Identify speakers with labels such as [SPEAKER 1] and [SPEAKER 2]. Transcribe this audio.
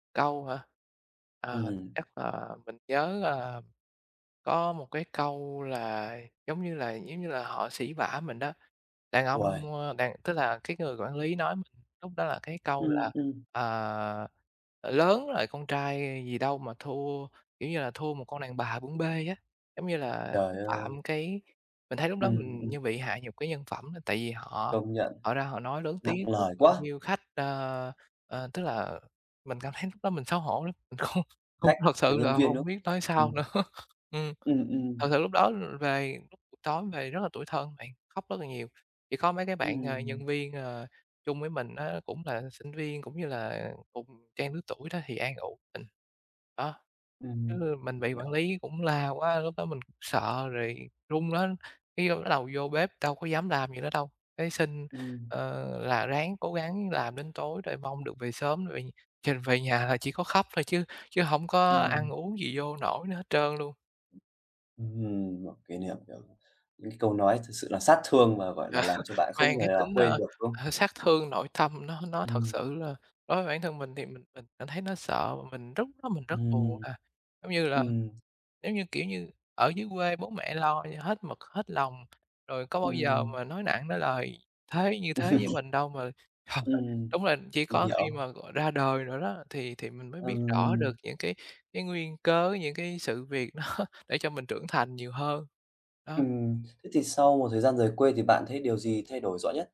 [SPEAKER 1] Câu hả? Ờ,
[SPEAKER 2] Ừm.
[SPEAKER 1] chắc là mình nhớ, à, có một cái câu là, giống như là, giống như là, họ sỉ vả mình đó, đàn ông,
[SPEAKER 2] Uầy!
[SPEAKER 1] ơ, đàn tức là cái người quản lý nói mình lúc đó là cái câu
[SPEAKER 2] Ừm,
[SPEAKER 1] là
[SPEAKER 2] ừm.
[SPEAKER 1] "À, lớn rồi, con trai gì đâu mà thua, kiểu như là, thua một con đàn bà bưng bê" á, giống như là,
[SPEAKER 2] Trời
[SPEAKER 1] xúc
[SPEAKER 2] ơi!
[SPEAKER 1] phạm cái mình thấy lúc đó
[SPEAKER 2] Ừm,
[SPEAKER 1] mình
[SPEAKER 2] ừm.
[SPEAKER 1] như bị hạ nhục cái nhân phẩm đó. Tại vì họ
[SPEAKER 2] Công nhận.
[SPEAKER 1] họ ra họ nói lớn
[SPEAKER 2] Nặng
[SPEAKER 1] tiếng trước
[SPEAKER 2] lời
[SPEAKER 1] bao
[SPEAKER 2] quá!
[SPEAKER 1] nhiêu khách, ơ, ờ, tức là mình cảm thấy lúc đó mình xấu hổ lắm, mình không không
[SPEAKER 2] Khách
[SPEAKER 1] thật
[SPEAKER 2] và
[SPEAKER 1] sự
[SPEAKER 2] nhân
[SPEAKER 1] là
[SPEAKER 2] viên nữa.
[SPEAKER 1] hông biết nói sao
[SPEAKER 2] Ừm.
[SPEAKER 1] nữa. Ừm.
[SPEAKER 2] Ừm,
[SPEAKER 1] Thật
[SPEAKER 2] ừm.
[SPEAKER 1] sự lúc đó về, tối về rất là tủi thân bạn, khóc rất là nhiều, chỉ có mấy cái bạn, à,
[SPEAKER 2] Ừm.
[SPEAKER 1] nhân viên, ờ, chung với mình á, cũng là sinh viên cũng như là cùng trang lứa tuổi đó thì an ủi mình. Đó,
[SPEAKER 2] Ừm,
[SPEAKER 1] chứ mình
[SPEAKER 2] mình
[SPEAKER 1] bị quản
[SPEAKER 2] hiểu.
[SPEAKER 1] lý cũng la quá, lúc đó mình sợ rồi run á, cái bắt đầu vô bếp đâu có dám làm gì nữa đâu, cái xin,
[SPEAKER 2] Ừm.
[SPEAKER 1] ờ, là ráng cố gắng làm đến tối rồi mong được về sớm rồi chừng về nhà là chỉ có khóc thôi chứ chứ hổng có ăn
[SPEAKER 2] Ừm.
[SPEAKER 1] uống gì vô nổi nữa hết trơn luôn.
[SPEAKER 2] Ừm, một kỷ niệm, kiểu, những câu nói thực sự là sát thương mà, gọi là, làm cho bạn không
[SPEAKER 1] Mang
[SPEAKER 2] thể
[SPEAKER 1] cái
[SPEAKER 2] nào
[SPEAKER 1] tính,
[SPEAKER 2] quên
[SPEAKER 1] ơ,
[SPEAKER 2] được, đúng không?
[SPEAKER 1] ờ, sát thương nội tâm nó nó thật
[SPEAKER 2] Ừm.
[SPEAKER 1] sự là đối với bản thân mình thì mình mình cảm thấy nó sợ và mình rất lúc đó mình rất buồn.
[SPEAKER 2] Ừm.
[SPEAKER 1] À, giống như là,
[SPEAKER 2] Ừm.
[SPEAKER 1] giống như, kiểu như, ở dưới quê bố mẹ lo cho hết mực hết lòng, rồi có bao giờ
[SPEAKER 2] Ừm.
[SPEAKER 1] mà nói nặng nói lời thế như thế với mình đâu mà.
[SPEAKER 2] Ừm,
[SPEAKER 1] Đúng là chỉ
[SPEAKER 2] mình
[SPEAKER 1] có khi
[SPEAKER 2] hiểu.
[SPEAKER 1] mà gọi ra đời rồi đó thì thì mình mới biết rõ
[SPEAKER 2] Ừm.
[SPEAKER 1] được những cái cái nguyên cớ, những cái sự việc đó để cho mình trưởng thành nhiều hơn. Đó.
[SPEAKER 2] Ừm, thế thì sau một thời gian rời quê thì bạn thấy điều gì thay đổi rõ nhất?